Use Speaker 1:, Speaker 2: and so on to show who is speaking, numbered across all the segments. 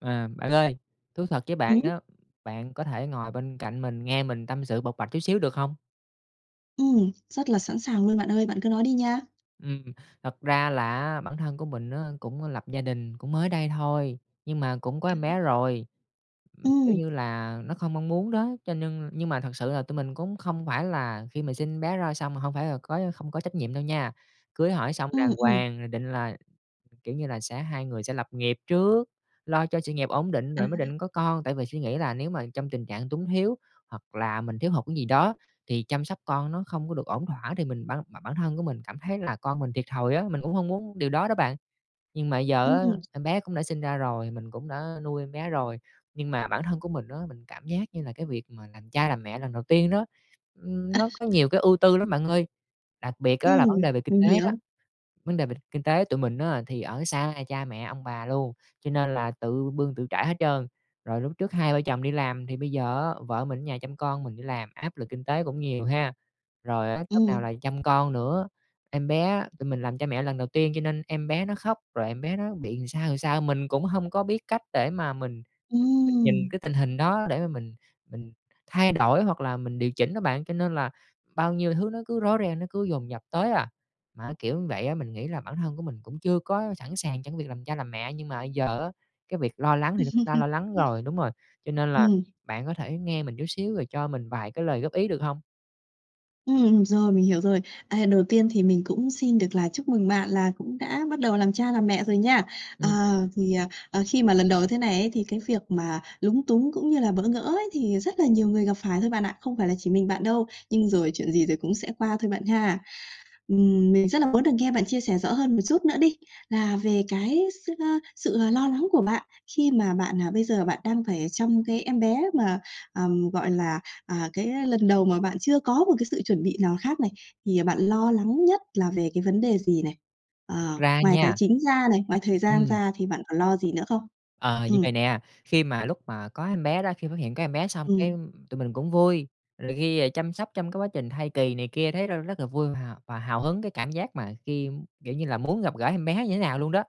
Speaker 1: À, bạn ơi. Thú thật với bạn
Speaker 2: Ừm.
Speaker 1: á, bạn có thể ngồi bên cạnh mình nghe mình tâm sự bộc bạch chút xíu được hông?
Speaker 2: Ừm. Rất là sẵn sàng luôn bạn ơi, bạn cứ nói đi nha.
Speaker 1: Ừm. Thật ra là á bản thân của mình á cũng lập gia đình, cũng mới đây thôi, nhưng mà cũng có em
Speaker 2: À.
Speaker 1: bé rồi. Ừm, kiểu
Speaker 2: Ừm.
Speaker 1: như là, nó không mong muốn đó, cho nhưng nhưng mà thật sự là tụi mình cũng không phải là khi mà sinh em bé ra xong mà hông phải là có không có trách nhiệm đâu nha. Cưới hỏi xong
Speaker 2: Ừm,
Speaker 1: đàng
Speaker 2: ừm.
Speaker 1: hoàng, rồi định là, kiểu như là, sẽ hai người sẽ lập nghiệp trước, lo cho sự nghiệp ổn định
Speaker 2: À.
Speaker 1: rồi mới định có con, tại vì suy nghĩ là nếu mà trong tình trạng túng thiếu hoặc là mình thiếu hụt cái gì đó thì chăm sóc con nó không có được ổn thỏa, thì mình ban bản bản thân của mình cảm thấy là con mình thiệt thòi á, mình cũng hông muốn điều đó đó bạn. Nhưng mà bây giờ á
Speaker 2: Ừm.
Speaker 1: em bé cũng đã sinh ra rồi, mình cũng đã nuôi em bé rồi. Nhưng mà bản thân của mình á, mình cảm giác như là cái việc mà làm cha làm mẹ lần đầu tiên đó, ưm,
Speaker 2: À,
Speaker 1: nó có
Speaker 2: à.
Speaker 1: nhiều cái ưu tư lắm bạn ơi, đặc biệt á là
Speaker 2: Ừm,
Speaker 1: vấn đề về kinh
Speaker 2: mình
Speaker 1: tế đó.
Speaker 2: hiểu.
Speaker 1: Vấn đề về kinh tế tụi mình á, thì ở xa cha mẹ, ông bà luôn, cho nên là tự bươn tự trải hết trơn, rồi lúc trước hai vợ chồng đi làm thì bây giờ á, vợ mình ở nhà chăm con, mình đi làm, áp lực kinh tế cũng nhiều ha. Rồi á lúc nào
Speaker 2: Ừm.
Speaker 1: là chăm con nữa, em bé á, tụi mình làm cha mẹ lần đầu tiên, cho nên em bé nó khóc, rồi em bé nó bị làm sao, làm sao, mình cũng hông có biết cách để mà mình mình mình nhìn
Speaker 2: Ừm.
Speaker 1: cái tình hình đó để mà mình mình thay đổi hoặc là mình điều chỉnh á bạn, cho nên là bao nhiêu thứ nó cứ rối ren, nó cứ dồn dập tới à. Mà kiểu như vậy á, mình nghĩ là bản thân của mình cũng chưa có sẵn sàng trong cái việc làm cha làm mẹ, nhưng mà bây giờ á, cái việc lo lắng thì nó cũng đã lo lắng rồi đúng rồi, cho nên là
Speaker 2: Ừm.
Speaker 1: bạn có thể nghe mình chút xíu rồi cho mình vài cái lời góp ý được hông?
Speaker 2: Ừm, rồi, mình hiểu rồi. À, đầu tiên thì mình cũng xin được là chúc mừng bạn là cũng đã bắt đầu làm cha làm mẹ rồi nha. Ờ,
Speaker 1: Ừm.
Speaker 2: thì, à, ờ, khi mà lần đầu thế này ấy, thì cái việc mà lúng túng cũng như là bỡ ngỡ ấy thì rất là nhiều người gặp phải thôi bạn ạ, không phải là chỉ mình bạn đâu, nhưng rồi chuyện gì rồi cũng sẽ qua thôi bạn ha. Ừm, mình rất là muốn được nghe bạn chia sẻ rõ hơn một chút nữa đi, là về cái s ờ, sự, ờ, lo lắng của bạn khi mà bạn, à, bây giờ bạn đang phải chăm cái em bé mà, ờm, gọi là, à, cái, a, lần đầu mà bạn chưa có một cái sự chuẩn bị nào khác này, thì bạn lo lắng nhất là về cái vấn đề gì này?
Speaker 1: [unintelligible]
Speaker 2: Ờ,
Speaker 1: Ra
Speaker 2: ngoài tài
Speaker 1: nha
Speaker 2: chính ra này, ngoài thời gian
Speaker 1: Ừm.
Speaker 2: ra thì bạn còn lo gì nữa không?
Speaker 1: Ờ, như
Speaker 2: Ừm.
Speaker 1: vầy nè, khi mà lúc mà có em bé đó, khi phát hiện có em bé xong cái
Speaker 2: Ừm.
Speaker 1: tụi mình cũng vui, rồi khi, ờ, chăm sóc trong cái quá trình thai kỳ này kia thấy r rất là vui và và hào hứng, cái cảm giác mà khi, kiểu như là, muốn gặp gỡ em bé như thế nào luôn đó.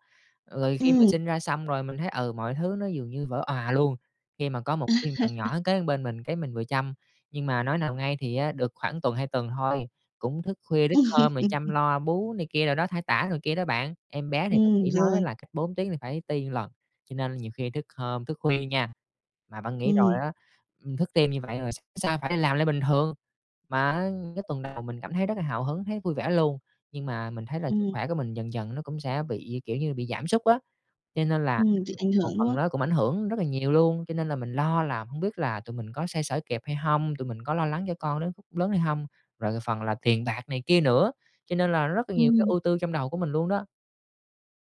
Speaker 1: Rồi khi mình
Speaker 2: Ừm.
Speaker 1: sinh ra xong rồi mình thấy, ừ, mọi thứ nó dường như vỡ òa luôn, khi mà có một cái thiên thần nhỏ kế bên mình, cái mình vừa chăm. Nhưng mà nói nào ngay, thì á được khoảng tuần, 2 tuần thôi, cũng thức khuya thức hôm rồi chăm lo bú này kia đồ đó, thay tã rồi kia đó bạn. Em bé thì bác
Speaker 2: Ừm,
Speaker 1: sĩ nói
Speaker 2: rồi.
Speaker 1: là cách 4 tiếng thì phải ti lần, cho nên nhiều khi thức hôm, thức khuya nha. Mà bạn nghĩ rồi
Speaker 2: Ừm.
Speaker 1: á, ừm, thức tim như vậy rồi sáng hôm sau phải làm lại bình thường. Mà á, ưm, cái tuần đầu mình cảm thấy rất là hào hứng, thấy vui vẻ luôn, nhưng mà mình thấy là sức
Speaker 2: Ừm.
Speaker 1: khỏe của mình dần dần nó cũng sẽ bị, kiểu như, bị giảm sút á. Cho nên là
Speaker 2: Ừm, bị ảnh
Speaker 1: một
Speaker 2: hưởng, đúng
Speaker 1: phần
Speaker 2: không?
Speaker 1: nó cũng ảnh hưởng rất là nhiều luôn, cho nên là mình lo là hông biết là tụi mình có xoay sở kịp hay hông, tụi mình có lo lắng cho con đến khúc lớn hay hông, rồi phần là tiền bạc này kia nữa, cho nên là rất là nhiều cái
Speaker 2: Ừm.
Speaker 1: ưu tư trong đầu của mình luôn đó.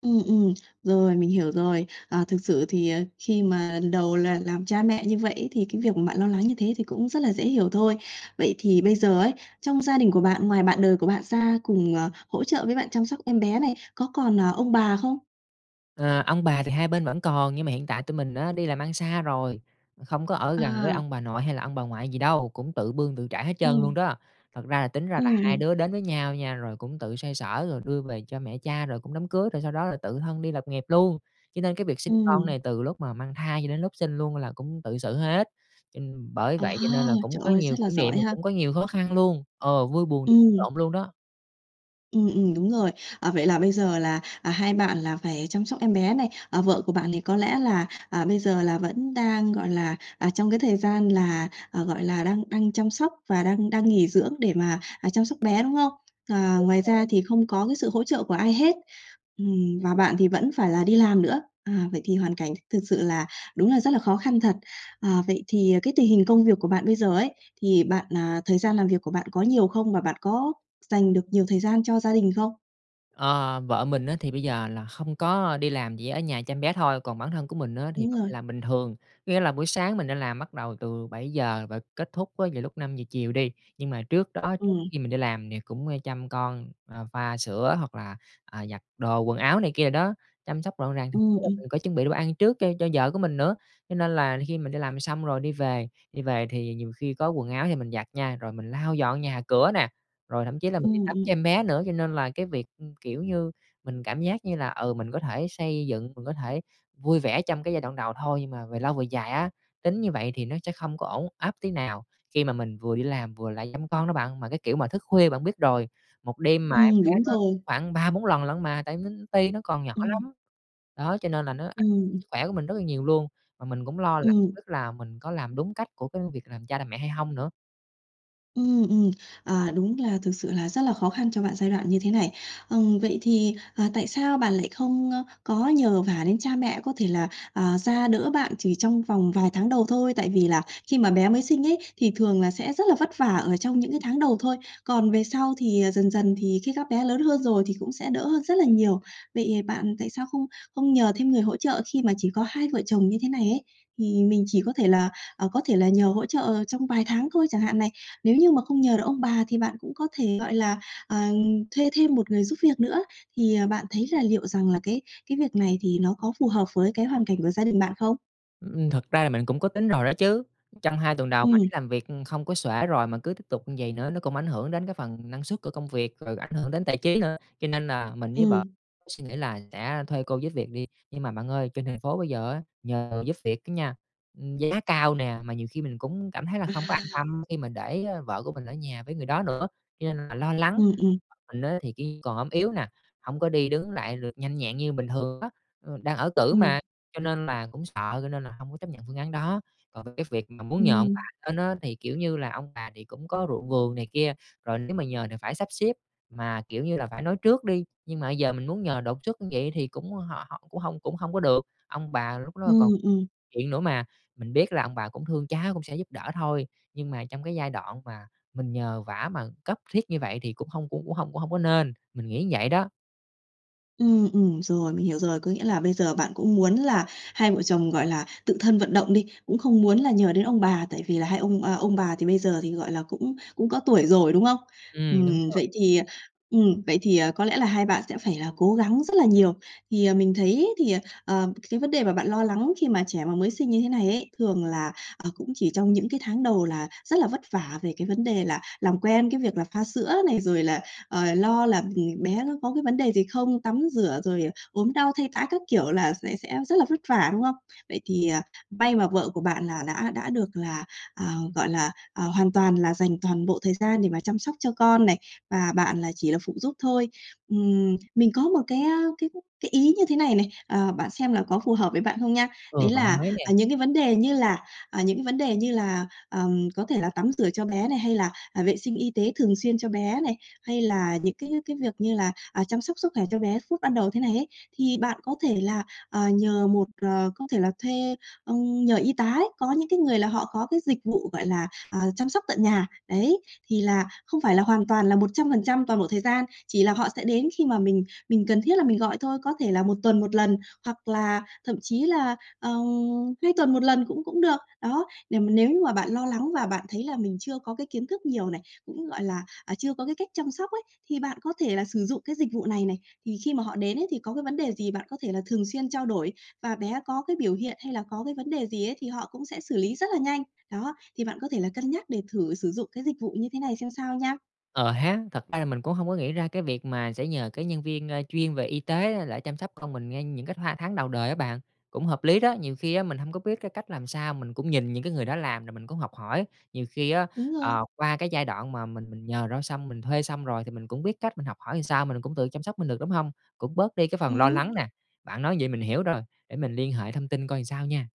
Speaker 2: Ừm, ừm, rồi, mình hiểu rồi. Ờ, thực sự thì, ờ, khi mà lần đầu là làm cha mẹ như vậy ấy, thì cái việc mà bạn lo lắng như thế thì cũng rất là dễ hiểu thôi. Vậy thì bây giờ ấy, trong gia đình của bạn, ngoài bạn đời của bạn ra cùng, ờ, hỗ trợ với bạn chăm sóc em bé này, có còn, ờ, ông bà không?
Speaker 1: Ờ, ông bà thì hai bên vẫn còn, nhưng mà hiện tại tụi mình á đi làm ăn xa rồi, không có ở gần với
Speaker 2: À.
Speaker 1: ông bà nội hay là ông bà ngoại gì đâu, cũng tự bươn tự trải hết trơn luôn
Speaker 2: Ừm.
Speaker 1: đó. Thật ra là tính ra là
Speaker 2: Ừm,
Speaker 1: hai
Speaker 2: ừm.
Speaker 1: đứa đến với nhau nha, rồi cũng tự xoay sở rồi đưa về cho mẹ cha, rồi cũng đám cưới, rồi sau đó là tự thân đi lập nghiệp luôn. Cho nên cái việc sinh con
Speaker 2: Ừm.
Speaker 1: này từ lúc mà mang thai cho đến lúc sinh luôn là cũng tự xử hết. Cho n bởi
Speaker 2: Ờ,
Speaker 1: vậy cho nên là cũng
Speaker 2: trời
Speaker 1: có
Speaker 2: ơi,
Speaker 1: nhiều
Speaker 2: rất là
Speaker 1: kỷ niệm
Speaker 2: giỏi
Speaker 1: rồi
Speaker 2: ha!
Speaker 1: cũng có nhiều khó khăn luôn, ờ, vui buồn [unintelligible]
Speaker 2: Ừm.
Speaker 1: lộn luôn đó.
Speaker 2: Ừm, ừm, đúng rồi. Ờ, vậy là bây giờ là, à, hai bạn là phải chăm sóc em bé này, à, vợ của bạn thì có lẽ là, à, bây giờ là vẫn đang, gọi là, à, trong cái thời gian là, ờ, gọi là, đang đang chăm sóc và đang đang nghỉ dưỡng để mà, à, chăm sóc bé, đúng không? Ờ,
Speaker 1: Đúng
Speaker 2: ngoài
Speaker 1: rồi.
Speaker 2: ra thì không có cái sự hỗ trợ của ai hết, ừm, và bạn thì vẫn phải là đi làm nữa, à, vậy thì hoàn cảnh th thực sự là đúng là rất là khó khăn thật. Ờ, vậy thì cái tình hình công việc của bạn bây giờ ấy, thì bạn, à thời gian làm việc của bạn có nhiều không? Và bạn có dành được nhiều thời gian cho gia đình không?
Speaker 1: Ờ, vợ mình á thì bây giờ là không có đi làm, chỉ ở nhà chăm bé thôi, còn bản thân của mình á thì
Speaker 2: Đúng
Speaker 1: vẫn đi
Speaker 2: rồi.
Speaker 1: làm bình thường. Có nghĩa là buổi sáng mình đi làm bắt đầu từ 7:00 và kết thúc á vào lúc 5:00 chiều đi, nhưng mà trước đó, trước
Speaker 2: Ừm.
Speaker 1: khi mình đi làm thì cũng, a, chăm con, ờ, pha sữa hoặc là, à, giặt đồ quần áo này kia đồ đó, chăm sóc gọn gàng, thậm
Speaker 2: Ừm,
Speaker 1: chí là
Speaker 2: ừm.
Speaker 1: mình có chuẩn bị đồ ăn trước cho cho vợ của mình nữa. Cho nên là khi mình đi làm xong rồi đi về đi về thì nhiều khi có quần áo thì mình giặt nha, rồi mình lau dọn nhà cửa nè, rồi thậm chí là mình đi
Speaker 2: Ừm,
Speaker 1: tắm
Speaker 2: ừm.
Speaker 1: cho em bé nữa. Cho nên là cái việc, ưm, kiểu như, mình cảm giác như là, ừ, mình có thể xây dựng, mình có thể vui vẻ trong cái giai đoạn đầu thôi, nhưng mà về lâu về dài á, tính như vậy thì nó sẽ không có ổn áp tí nào khi mà mình vừa đi làm, vừa lại chăm con đó bạn. Mà cái kiểu mà thức khuya bạn biết rồi, 1 đêm mà em
Speaker 2: Ừm,
Speaker 1: bé
Speaker 2: đúng
Speaker 1: nó
Speaker 2: rồi.
Speaker 1: khoảng 3-4 lần lận mà, tại nó ti, nó còn nhỏ
Speaker 2: Ừm.
Speaker 1: lắm. Đó, cho nên là nó ảnh
Speaker 2: Ừm, ừm.
Speaker 1: sức khỏe của mình rất là nhiều luôn, mà mình cũng lo là
Speaker 2: Ừm.
Speaker 1: tức là mình có làm đúng cách của cái việc làm cha làm mẹ hay hông nữa.
Speaker 2: Ừm, ừm. À, đúng là thực sự là rất là khó khăn cho bạn giai đoạn như thế này. Ừm, vậy thì, ờ, tại sao bạn lại không, ơ, có nhờ vả đến cha mẹ có thể là, ờ, ra đỡ bạn chỉ trong vòng vài tháng đầu thôi? Tại vì là khi mà bé mới sinh ấy, thì thường là sẽ rất là vất vả ở trong những cái tháng đầu thôi, còn về sau thì, ờ, dần dần thì khi các bé lớn hơn rồi thì cũng sẽ đỡ rất là nhiều. Vậy bạn tại sao không không nhờ thêm người hỗ trợ khi mà chỉ có hai vợ chồng như thế này ấy? Thì mình chỉ có thể là, ờ, có thể là nhờ hỗ trợ trong vài tháng thôi chẳng hạn này, nếu như mà không nhờ được ông bà thì bạn cũng có thể, gọi là, ờ, thuê thêm một người giúp việc nữa. Thì, ờ, bạn thấy là liệu rằng là cái cái việc này thì nó có phù hợp với cái hoàn cảnh của gia đình bạn không?
Speaker 1: Ừm, thực ra là mình cũng có tính rồi đó chứ. Trong 2 tuần đầu mình
Speaker 2: Ừm.
Speaker 1: làm việc không có xuể rồi mà cứ tiếp tục vầy nữa nó cũng ảnh hưởng đến cái phần năng suất của công việc, rồi ảnh hưởng đến tài chí nữa. Cho nên là mình với vợ
Speaker 2: Ừm.
Speaker 1: suy nghĩ là sẽ thuê cô giúp việc đi. Nhưng mà bạn ơi, trên thành phố bây giờ á nhờ giúp việc á nha, ưm, giá cao nè, mà nhiều khi mình cũng cảm thấy là không có an
Speaker 2: À.
Speaker 1: tâm khi mình để, ờ, vợ của mình ở nhà với người đó nữa, cho nên là lo lắng.
Speaker 2: Ừm, ừm.
Speaker 1: [unintelligible] Mình á thì ki còn ốm yếu nè, hông có đi đứng lại được nhanh nhẹn như bình thường á, ờ, đang ở cữ
Speaker 2: Ừm.
Speaker 1: mà, cho nên là cũng sợ, cho nên là hông có chấp nhận phương án đó. Còn cái việc mà muốn nhờ ông
Speaker 2: Ừm.
Speaker 1: bà lên á, thì, kiểu như là, ông bà thì cũng có ruộng vườn này kia, rồi nếu mà nhờ thì phải sắp xếp. Mà, kiểu như là, phải nói trước đi, nhưng mà bây giờ mình muốn nhờ đột xuất vậy thì cũng họ hổng cũng hông cũng hông có được. Ông bà lúc đó
Speaker 2: Ừm,
Speaker 1: còn
Speaker 2: ừm.
Speaker 1: chuyện nữa mà, mình biết là ông bà cũng thương cháu cũng sẽ giúp đỡ thôi, nhưng mà trong cái giai đoạn mà mình nhờ vả mà cấp thiết như vậy thì cũng hông cũng cũng hông cũng hông có nên, mình nghĩ vậy đó.
Speaker 2: Ừm, ừm, rồi, mình hiểu rồi. Có nghĩa là bây giờ bạn cũng muốn là hai vợ chồng, gọi là, tự thân vận động đi, cũng không muốn là nhờ đến ông bà tại vì là hai ông, ờ, ông bà thì bây giờ thì, gọi là, cũng cũng có tuổi rồi, đúng không?
Speaker 1: Ừm, đúng
Speaker 2: Ừm,
Speaker 1: rồi.
Speaker 2: vậy thì ừm, vậy thì, ờ, có lẽ là hai bạn sẽ phải là cố gắng rất là nhiều. Thì, ờ, mình thấy thì, ờ, ờ, cái vấn đề mà bạn lo lắng khi mà trẻ mà mới sinh như thế này ấy thường là, ờ, cũng chỉ trong những cái tháng đầu là rất là vất vả về cái vấn đề là làm quen cái việc là pha sữa này, rồi là, ờ, lo là, ừm, bé nó có cái vấn đề gì không, tắm rửa, rồi ốm đau, thay tã các kiểu là sẽ sẽ rất là vất vả, đúng không? Vậy thì, ờ, may mà vợ của bạn là đã đã được là, à, gọi là, à, hoàn toàn là dành toàn bộ thời gian để mà chăm sóc cho con này, và bạn là chỉ là phụ giúp thôi. Ừm, mình có một cái, a, cái cái ý như thế này này, ờ, bạn xem là có phù hợp với bạn không nha?
Speaker 1: Ừ,
Speaker 2: Đấy
Speaker 1: bạn
Speaker 2: là,
Speaker 1: nói nè.
Speaker 2: à, những cái vấn đề như là à, những cái vấn đề như là, ờ, có thể là tắm rửa cho bé này, hay là, à, vệ sinh y tế thường xuyên cho bé này, hay là những cái cái việc như là, à, chăm sóc sức khỏe cho bé phút ban đầu thế này ấy, thì bạn có thể là, ờ, nhờ một, ờ có thể là thuê, ừm, nhờ y tá ấy, có những cái người là họ có cái dịch vụ gọi là, à, chăm sóc tận nhà, đấy. Thì là không phải là hoàn toàn là 100% toàn bộ thời gian, chỉ là họ sẽ đến khi mà mình mình cần thiết là mình gọi thôi. Có thể là 1 tuần 1 lần, hoặc là thậm chí là, ờ, 2 tuần 1 lần cũng cũng được, đó. Để mà nếu như mà bạn lo lắng và bạn thấy là mình chưa có cái kiến thức nhiều này, cũng, gọi là, à, chưa có cái cách chăm sóc ấy, thì bạn có thể là sử dụng cái dịch vụ này này. Thì khi mà họ đến ấy, thì có cái vấn đề gì bạn có thể là thường xuyên trao đổi, và bé có cái biểu hiện hay là có cái vấn đề gì ấy thì họ cũng sẽ xử lý rất là nhanh. Đó, thì bạn có thể là cân nhắc để thử sử dụng cái dịch vụ như thế này xem sao nha.
Speaker 1: Ờ hén, thật ra là mình cũng hông có nghĩ ra cái việc mà sẽ nhờ cái nhân viên, ơ, chuyên về y tế để chăm sóc con mình ngay những cái tha tháng đầu đời á bạn, cũng hợp lý đó. Nhiều khi á mình hông có biết cái cách làm sao, mình cũng nhìn những cái người đó làm rồi mình cũng học hỏi. Nhiều khi á,
Speaker 2: Đúng rồi.
Speaker 1: ờ, qua cái giai đoạn mà mình mình nhờ đó xong, mình thuê xong rồi thì mình cũng biết cách mình học hỏi sao, mình cũng tự chăm sóc mình được, đúng hông? Cũng bớt đi cái phần lo
Speaker 2: Ừm.
Speaker 1: lắng nè. Bạn nói vậy mình hiểu rồi, để mình liên hệ thông tin coi sao nha.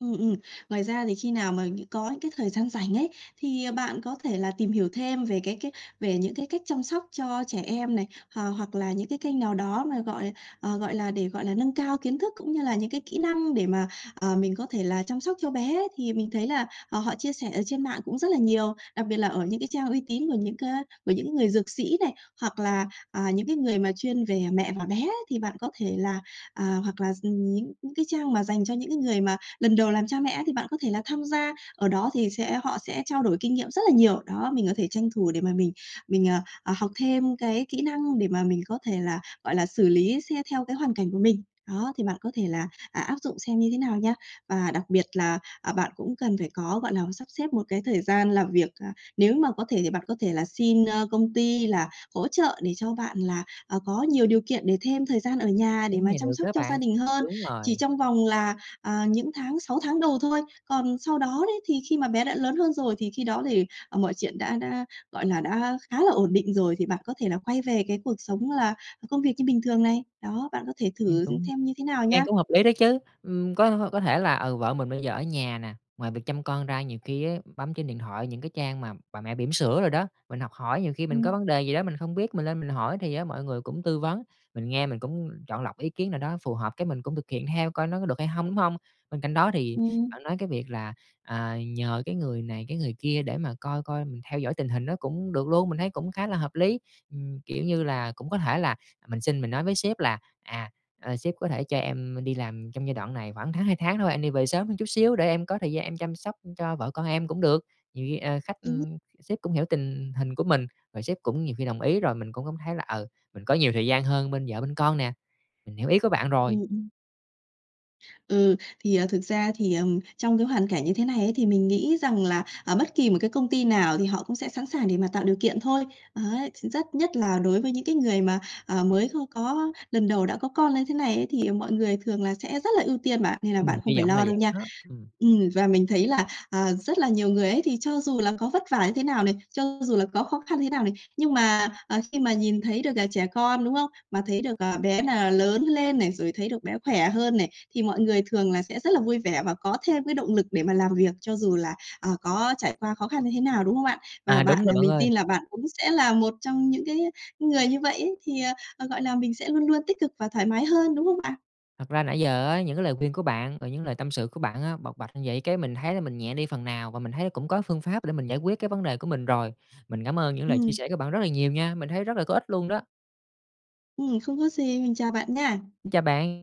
Speaker 2: Ừm, ừm. Ngoài ra thì khi nào mà nh có những cái thời gian rảnh ấy, thì, ờ, bạn có thể là tìm hiểu thêm về cái cái về những cái cách chăm sóc cho trẻ em này, h hoặc là những cái kênh nào đó mà, gọi, ờ, gọi là, để, gọi là, nâng cao kiến thức cũng như là những cái kỹ năng để mà, ờ, mình có thể là chăm sóc cho bé ấy. Thì mình thấy là, ờ, họ chia sẻ ở trên mạng cũng rất là nhiều. Đặc biệt là ở những cái trang uy tín của những cá của những người dược sĩ này, hoặc là, à, những cái người mà chuyên về mẹ và bé ấy, thì bạn có thể là, à hoặc là, ừm, những những cái trang mà dành cho những cái người mà lần đầu làm cha mẹ ấy, thì bạn có thể là tham gia. Ở đó thì sẽ họ sẽ trao đổi kinh nghiệm rất là nhiều. Đó, mình có thể tranh thủ để mà mình mình, à, ờ, học thêm cái kỹ năng để mà mình có thể là, gọi là, xử lý xét theo cái hoàn cảnh của mình. Đó, thì bạn có thể là, à, áp dụng xem như thế nào nha. Và đặc biệt là, à, bạn cũng cần phải có, gọi là, sắp xếp một cái thời gian làm việc, à, nếu mà có thể thì bạn có thể là xin, ơ, công ty là hỗ trợ để cho bạn là, ờ, có nhiều điều kiện để thêm thời gian ở nhà
Speaker 1: Ý
Speaker 2: để mà
Speaker 1: này
Speaker 2: chăm
Speaker 1: được
Speaker 2: sóc
Speaker 1: đó
Speaker 2: cho gia
Speaker 1: bạn,
Speaker 2: đình hơn,
Speaker 1: đúng
Speaker 2: chỉ
Speaker 1: rồi.
Speaker 2: trong vòng là, à, những tháng 6 tháng đầu thôi. Còn sau đó đấy, thì khi mà bé đã lớn hơn rồi, thì khi đó thì, ờ, mọi chuyện đã đã, gọi là, đã khá là ổn định rồi thì bạn có thể là quay về cái cuộc sống là công việc như bình thường này. Đó, bạn có thể
Speaker 1: Nghe
Speaker 2: thử
Speaker 1: cũng
Speaker 2: xem như thế nào
Speaker 1: nghe
Speaker 2: nha.
Speaker 1: cũng hợp lý đó chứ. Ưm, có có thể là, ừ, vợ mình bây giờ ở nhà nè, ngoài việc chăm con ra nhiều ki ấy, bấm trên điện thoại những cái trang mà bà mẹ bỉm sữa đồ đó, mình học hỏi. Nhiều khi mình có
Speaker 2: Ừm.
Speaker 1: vấn đề gì đó mình không biết, mình lên mình hỏi, thì á mọi người cũng tư vấn, mình nghe mình cũng chọn lọc ý kiến nào đó phù hợp cái mình cũng thực hiện theo coi nó có được hay hông, đúng hông? Bên cạnh đó thì
Speaker 2: Ừm, ừm.
Speaker 1: bạn nói cái việc là, à, nhờ cái người này, cái người kia để mà coi coi mình theo dõi tình hình nó cũng được luôn, mình thấy cũng khá là hợp lý. Ừm, kiểu như là, cũng có thể là mình xin, mình nói với sếp là "À, ờ, sếp có thể cho em đi làm trong giai đoạn này khoảng tháng, 2 tháng thôi, em đi về sớm hơn chút xíu để em có thời gian em chăm sóc cho vợ con em" cũng được. Nhiều khi, ờ, khách,
Speaker 2: Đúng.
Speaker 1: ưm sếp cũng hiểu tình hình của mình và sếp cũng nhiều khi đồng ý, rồi mình cũng cảm thấy là, ừ, mình có nhiều thời gian hơn bên vợ bên con nè. Mình hiểu ý của bạn rồi.
Speaker 2: Ừm, ừm. Ừ, thì, ờ, thực ra thì, ờ, trong cái hoàn cảnh như thế này ấy, thì mình nghĩ rằng là, ờ, bất kỳ một cái công ty nào thì họ cũng sẽ sẵn sàng để mà tạo điều kiện thôi. Đấy, thì rất nhất là đối với những cái người mà, ờ, mới kho có lần đầu đã có con như thế này ấy, thì mọi người thường là sẽ rất là ưu tiên bạn, nên là
Speaker 1: Ừm,
Speaker 2: bạn không
Speaker 1: hy
Speaker 2: phải
Speaker 1: vọng là
Speaker 2: lo đâu
Speaker 1: vậy
Speaker 2: nha.
Speaker 1: đó, ừm.
Speaker 2: Ừm, và mình thấy là, ờ, rất là nhiều người ấy, thì cho dù là có vất vả như thế nào này, cho dù là có khó khăn như thế nào này, nhưng mà, ờ, khi mà nhìn thấy được là trẻ con, đúng không? Mà thấy được, ờ, bé là lớn lên này, rồi thấy được bé khỏe hơn này, thì mọi người thường là sẽ rất là vui vẻ và có thêm cái động lực để mà làm việc cho dù là, ờ, có trải qua khó khăn như thế nào, đúng không ạ? Và
Speaker 1: À, đúng
Speaker 2: bạn,
Speaker 1: rồi
Speaker 2: ờ
Speaker 1: bạn
Speaker 2: mình
Speaker 1: ơi.
Speaker 2: tin là bạn cũng sẽ là một trong những cái người như vậy ấy, thì, ờ, ờ, gọi là, mình sẽ luôn luôn tích cực và thoải mái hơn, đúng không bạn?
Speaker 1: Thật ra nãy giờ á, những cái lời khuyên của bạn và những lời tâm sự của bạn á bộc bạch vậy cái mình thấy mình nhẹ đi phần nào, và mình thấy cũng có phương pháp để mình giải quyết cái vấn đề của mình rồi. Mình cảm ơn những lời chia
Speaker 2: Ừm.
Speaker 1: sẻ của bạn rất là nhiều nha, mình thấy rất là có ích luôn đó.
Speaker 2: Ừm, không có gì. Mình chào bạn nha.
Speaker 1: Xin chào bạn.